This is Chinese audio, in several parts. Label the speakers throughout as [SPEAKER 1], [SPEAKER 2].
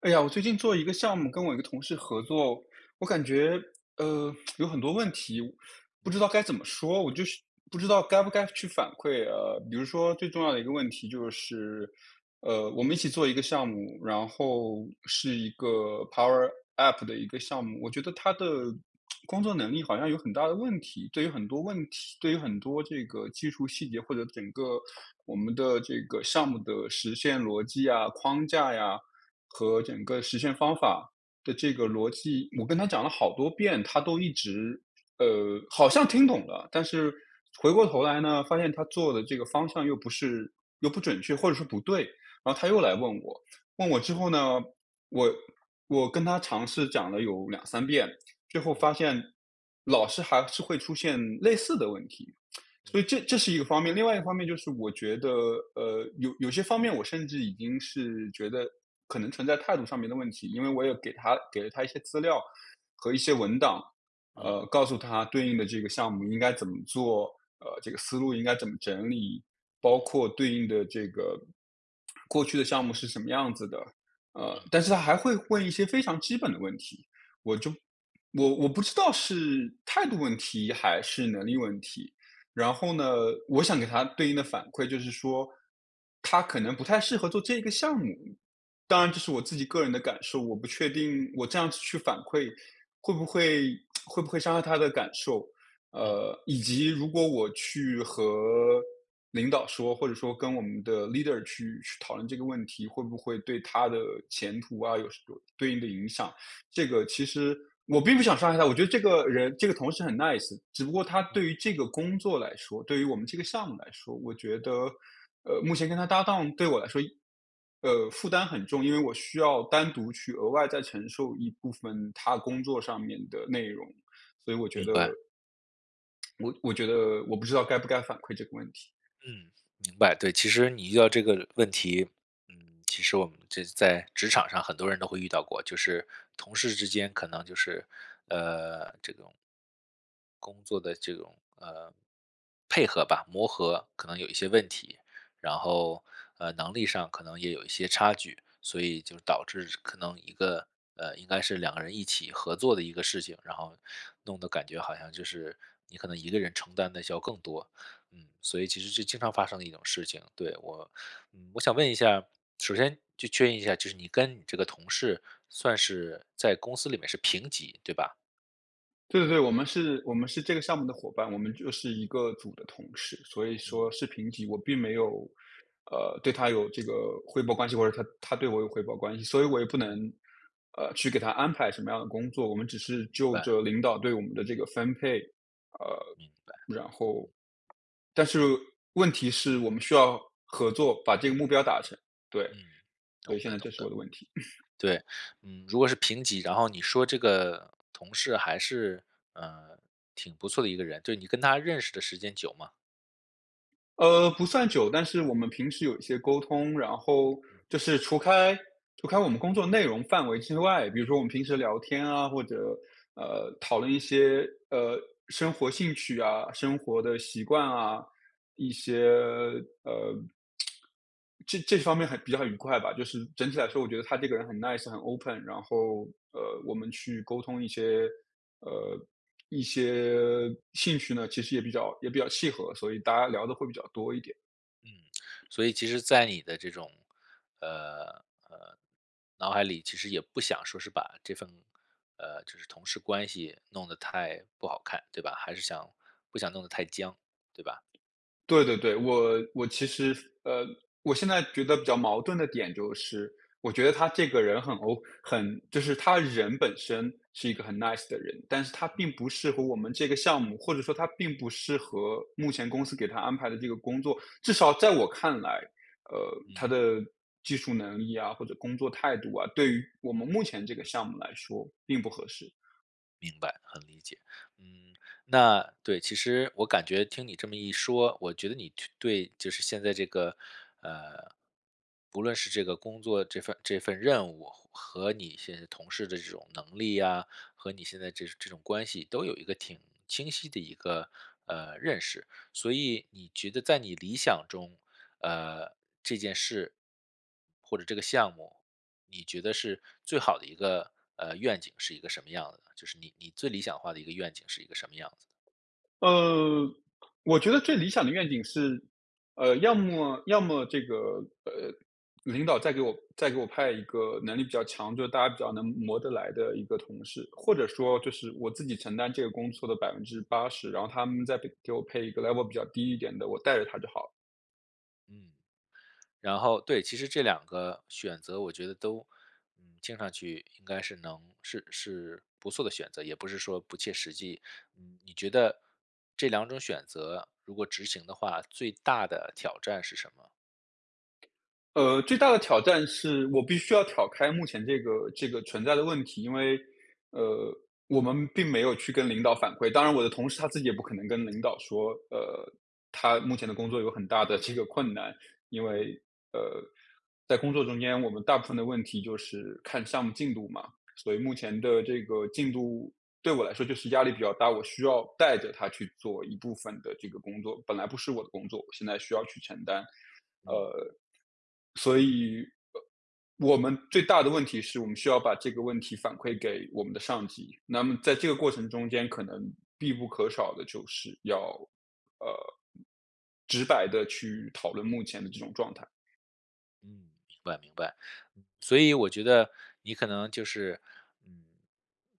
[SPEAKER 1] 哎呀，我最近做一个项目跟我一个同事合作，我感觉，呃，有很多问题，我不知道该怎么说，我就是不知道该不该去反馈。呃，比如说最重要的一个问题就是，呃，我们一起做一个项目，然后是一个 power app 的一个项目。我觉得他的，
[SPEAKER 2] 嗯。
[SPEAKER 1] 工作能力好像有很大的问题，对于很多问题对于很多这个技术细节或者整个我们的这个项目的实现逻辑啊，框架呀，和整个实现方法的这
[SPEAKER 2] 嗯。
[SPEAKER 1] 个逻辑，我跟他讲了好多遍，他都一直，呃，好像听懂了，但是回过头来呢，发现他做的这个方向又不是又不准确，或者说不对，然后他又来问我。问我之后呢，我我跟他尝试讲了有2-3遍，最后
[SPEAKER 2] 嗯。
[SPEAKER 1] 发现老是还是会出现类似的问题。所以
[SPEAKER 2] 嗯。
[SPEAKER 1] 这这是一个方面，另外一个方面就是我觉得，呃，有有些方面我甚至已经是觉得，可能存在态度上面的问题，因为我也给他给了他一些资料，和一些文档，
[SPEAKER 2] 嗯。
[SPEAKER 1] 呃，告诉他对应的这个项目应该怎么做，呃，这个思路应该怎么整理，
[SPEAKER 2] 嗯。
[SPEAKER 1] 包括对应的这个过去的项目是什么样子的。呃，
[SPEAKER 2] 嗯。
[SPEAKER 1] 但是他还会问一些非常基本的问题，我就我我不知道是态度问题还是能力问题。然后呢，我想给他对应的反馈就是说，他可能不太适合做这一个项目。当然这
[SPEAKER 2] 嗯。
[SPEAKER 1] 是我自己个人的感受，我不确定我这样子去反馈会不会 会不会伤害他的感受。
[SPEAKER 2] 嗯。
[SPEAKER 1] 呃，以及如果我去和领导说，或者说跟我们的 leader 去去讨论这个问题，会不会对他的前途啊，有什有对应的影响。这个其实我并不想伤害他，我觉得这个人，这个同事很 nice，只不过他
[SPEAKER 2] 嗯。
[SPEAKER 1] 对于这个工作来说，对于我们这个项目来说，我觉得，呃，目前跟他搭档对我来说一呃，负担很重，因为我需要单独去额外再承受一部分他工作上面的内容。所以我觉
[SPEAKER 2] 明
[SPEAKER 1] 得
[SPEAKER 2] 白。
[SPEAKER 1] 我我觉得我不知道该不该反馈这个问题。
[SPEAKER 2] 嗯，明白。对，其实你遇到这个问题，嗯，其实我们这在职场上很多人都会遇到过。就是同事之间可能就是，呃，这种工作的这种，呃，配合吧，磨合可能有一些问题，然后，呃，能力上可能也有一些差距，所以就导致是可能一个呃，应该是两个人一起合作的一个事情，然后弄得感觉好像就是你可能一个人承担的需要更多。嗯，所以其实是经常发生的一种事情，对。我嗯，我想问一下，首先就确认一下就是你跟你这个同事，算是在公司里面是平级，对吧？
[SPEAKER 1] 对对，我们是我们是这个项目的伙伴，我们就是一个组的同事，所以说
[SPEAKER 2] 嗯。
[SPEAKER 1] 是平级。我并没有，呃，对他有这个汇报关系，或者他他对我有汇报关系，所以我也不能，
[SPEAKER 2] 嗯。
[SPEAKER 1] 呃，去给他安排什么样的工作，我们只是
[SPEAKER 2] 明
[SPEAKER 1] 就
[SPEAKER 2] 白。
[SPEAKER 1] 着领导对我们的这个分配。
[SPEAKER 2] 嗯，明白。
[SPEAKER 1] 呃，然后但是问题是我们需要合作，把这个目标达成。对。
[SPEAKER 2] 嗯，
[SPEAKER 1] 所
[SPEAKER 2] 懂
[SPEAKER 1] 以现
[SPEAKER 2] 的
[SPEAKER 1] 在
[SPEAKER 2] 懂
[SPEAKER 1] 这是我
[SPEAKER 2] 的。
[SPEAKER 1] 的问题。
[SPEAKER 2] 对，嗯，如果是平级，然后你说这个同事还是，呃，挺不错的一个人，就是你跟他认识的时间久吗？
[SPEAKER 1] 呃，不算久，但是我们平时有一些沟通，然后
[SPEAKER 2] 嗯。
[SPEAKER 1] 就是除开除开我们工作内容范围之外，比如说我们平时聊天啊，或者，呃，讨论一些，呃，生活兴趣啊，生活的习惯啊，一些，呃这这方面还比较愉快吧，就是整体来说，我
[SPEAKER 2] 嗯。
[SPEAKER 1] 觉得他这个人很 nice 很 open。然后，呃，我们去沟通一些，呃，一些兴趣呢，其实也比较也比较契合，所以大家聊得会比较多一点。
[SPEAKER 2] 嗯，所以其实在你的这种，呃，呃，脑海里其实也不想说是把这份，呃，就是同事关系弄得太不好看，对吧？还是想不想弄得太僵，对吧？
[SPEAKER 1] 对对对，我我其实呃，我现在觉得比较矛盾的点就是，我觉得他这个人很 O 很就是他人本身是一个很 nice 的人，但是他并
[SPEAKER 2] 嗯。
[SPEAKER 1] 不适合我们这个项目，或者说他并不适合目前公司给他安排的这个工作。至少在我看来，呃，他
[SPEAKER 2] 嗯。
[SPEAKER 1] 的技术能力呀，或者工作态度啊，对于我们目前这个项目来说并不合适。
[SPEAKER 2] 明白，很理解。嗯，那对，其实我感觉听你这么一说，我觉得你去对就是现在这个，呃，不论是这个工作这份这份任务，和你现在同事的这种能力啊，和你现在这这种关系都有一个挺清晰的一个，呃，认识。所以你觉得在你理想中，呃，这件事，或者这个项目，你觉得是最好的一个，呃，愿景是一个什么样子呢？就是你你最理想化的一个愿景是一个什么样子？
[SPEAKER 1] 嗯，我觉得最理想的愿景是，呃，要么要么这个，呃，领导再给我再给我派一个能力比较强就是大家比较能磨得来的一个同事，或者说就是我自己承担这个工作的80%，然后他们再给给我配一个 level 比较低一点的，我带着他就好了。
[SPEAKER 2] 嗯，然后对，其实这两个选择我觉得都，嗯，听上去应该是能是是不错的选择，也不是说不切实际。嗯，你觉得这两种选择，如果执行的话，最大的挑战是什么？
[SPEAKER 1] 呃，最大的挑战是我必须要挑开目前这个这个存在的问题。因为，呃，我们并没有去跟领导反馈，当然我的同事他自己也不可能跟领导说，呃，他目前的工作有很大的这个困难。因
[SPEAKER 2] 嗯。
[SPEAKER 1] 为，呃，在工作中间我们大部分的问题就是看项目进度嘛。所以目前的这个进度对我来说就是压力比较大，我需要带着他去做一部分的这个工作。本来不是我的工作，我现在需要去承担。
[SPEAKER 2] 嗯。
[SPEAKER 1] 呃，所以，我们最大的问题是我们需要把这个问题反馈给我们的上级，那么在这个过程中间可能必不可少地就是要，呃，直白地去讨论目前的这种状态。
[SPEAKER 2] 嗯，明白明白。嗯，所以我觉得，你可能就是，嗯，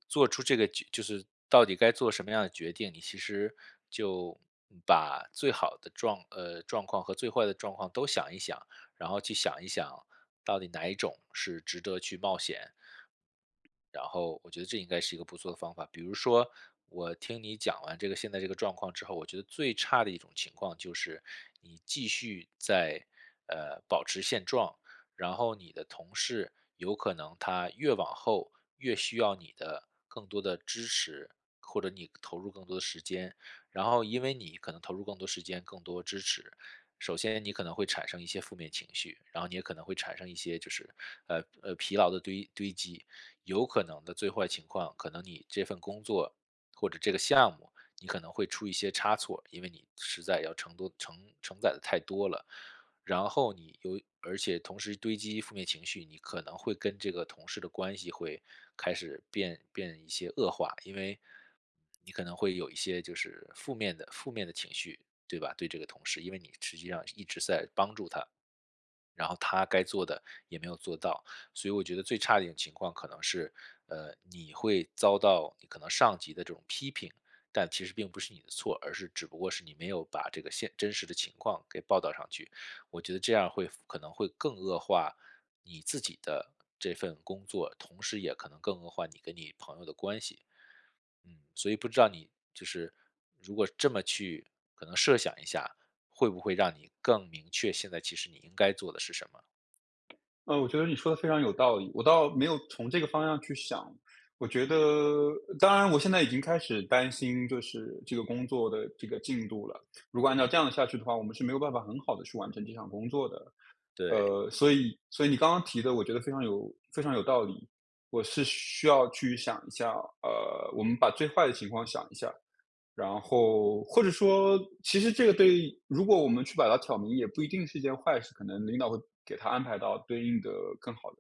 [SPEAKER 2] 做出这个决就是到底该做什么样的决定，你其实就，嗯，把最好的状呃，状况和最坏的状况都想一想，然后去想一想，到底哪一种是值得去冒险。然后我觉得这应该是一个不错的方法。比如说，我听你讲完这个现在这个状况之后，我觉得最差的一种情况就是你继续再，呃，保持现状，然后你的同事，有可能他越往后，越需要你的更多的支持，或者你投入更多的时间。然后因为你可能投入更多时间、更多支持，首先你可能会产生一些负面情绪，然后你也可能会产生一些就是，呃，呃，疲劳的堆堆积。有可能的最坏情况，可能你这份工作或者这个项目，你可能会出一些差错，因为你实在要承多承承载得太多了。然后你又而且同时堆积负面情绪，你可能会跟这个同事的关系会开始变变一些恶化。因为，你可能会有一些就是负面的负面的情绪，对吧？对这个同事，因为你实际上一直在帮助他，然后他该做的也没有做到。所以我觉得最差的一种情况可能是，呃，你会遭到你可能上级的这种批评，但其实并不是你的错，而是只不过是你没有把这个现真实的情况给报道上去。我觉得这样会反可能会更恶化你自己的这份工作，同时也可能更恶化你跟你朋友的关系。嗯，所以不知道你就是如果这么去可能设想一下，会不会让你更明确，现在其实你应该做的是什么？
[SPEAKER 1] 呃，我觉得你说得非常有道理，我倒没有从这个方向去想。我觉得
[SPEAKER 2] 嗯。
[SPEAKER 1] 呃，当然我现在已经开始担心就是这个工作的这个进度了。如果按照
[SPEAKER 2] 嗯。
[SPEAKER 1] 这样下去的话，我们是没有办法很好地去完成这项工作的。
[SPEAKER 2] 对。
[SPEAKER 1] 呃，所以所以你刚刚提的我觉得非常有非常有道理。我是需要去想一下，呃，我们把最坏的情况想一下儿。然后或者说其实这个对于如果我们去把它挑明，也不一定是一件坏事，可能领导会给他安排到对应的更好的、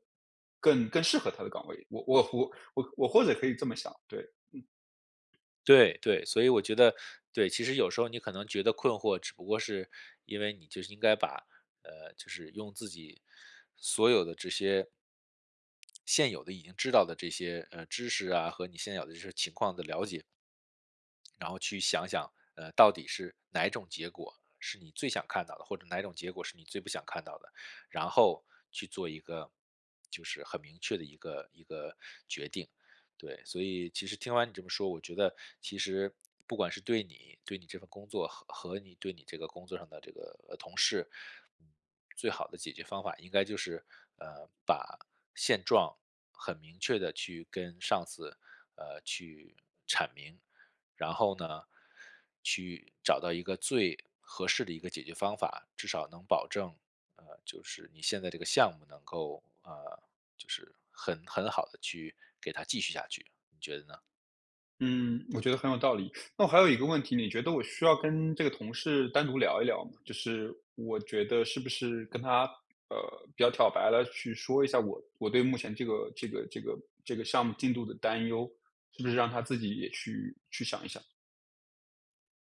[SPEAKER 1] 更更适合他的岗位。我我我我或者可以这么想，对，嗯。
[SPEAKER 2] 对对。所以我觉得对，其实有时候你可能觉得困惑只不过是，因为你就是应该把，呃，就是用自己所有的这些现有的已经知道的这些，呃，知识啊，和你现有的就是情况的了解然后去想想，呃，到底是哪种结果是你最想看到的，或者哪种结果是你最不想看到的，然后去做一个就是很明确的一个一个决定，对。所以其实听完你这么说，我觉得其实不管是对你，对你这份工作，和和你对你这个工作上的这个，呃，同事，嗯，最好的解决方法应该就是，呃，把现状很明确地去跟上司，呃，去阐明。然后呢，去找到一个最合适的一个解决方法，至少能保证，呃，就是你现在这个项目能够，呃，就是很很好地去给它继续下去。你觉得呢？
[SPEAKER 1] 嗯，我觉得很有道理。那我还有一个问题。你觉得我需要跟这个同事单独聊一聊吗？就是我觉得是不是跟他，呃，比较挑白地去说一下我我对目前这个这个这个这个项目进度的担忧，是不是让他自己也去去想一想？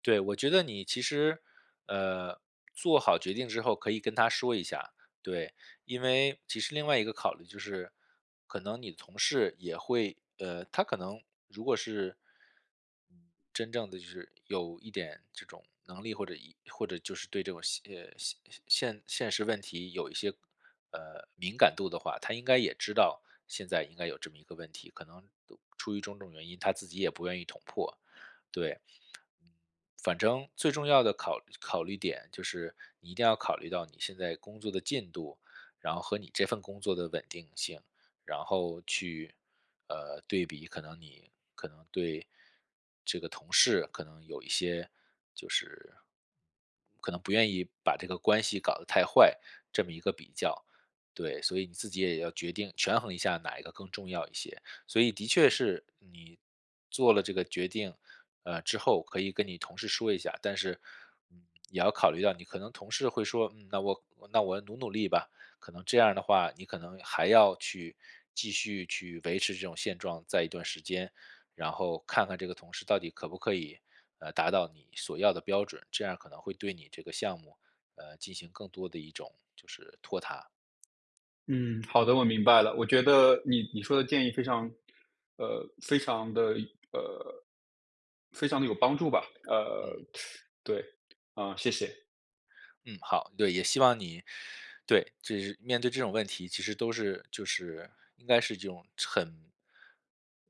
[SPEAKER 2] 对，我觉得你其实，呃，做好决定之后可以跟他说一下，对，因为其实另外一个考虑就是，可能你的同事也会呃，他可能如果是，嗯，真正的就是有一点这种能力，或者或者就是对这种现现现现实问题有一些，呃，敏感度的话，他应该也知道，现在应该有这么一个问题，可能出于种种原因，他自己也不愿意捅破，对。嗯，反正最重要的考考虑点就是，你一定要考虑到你现在工作的进度，然后和你这份工作的稳定性。然后去，呃，对比可能你可能对这个同事可能有一些就是可能不愿意把这个关系搞得太坏，这么一个比较，对。所以你自己也要决定权衡一下哪一个更重要一些。所以的确是你做了这个决定，呃，之后可以跟你同事说一下。但是，嗯，也要考虑到你可能同事会说，嗯，那我那我努努力吧，可能这样的话，你可能还要去继续去维持这种现状，在一段时间，然后看看这个同事到底可不可以，呃，达到你所要的标准。这样儿可能会对你这个项目，呃，进行更多的一种就是拖沓。
[SPEAKER 1] 嗯，好的，我明白了。我觉得你你说的建议非常呃，非常的呃，非常的有帮助吧。呃，
[SPEAKER 2] 嗯。
[SPEAKER 1] 对，啊，谢谢。
[SPEAKER 2] 嗯，好。对，也希望你对，就是面对这种问题，其实都是就是，应该是这种很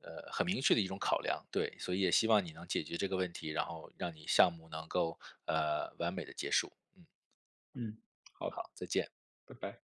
[SPEAKER 2] 呃，很明确的一种考量，对，所以也希望你能解决这个问题，然后让你项目能够，呃，完美地结束，嗯。
[SPEAKER 1] 嗯，好，
[SPEAKER 2] 好，再见。
[SPEAKER 1] 拜拜。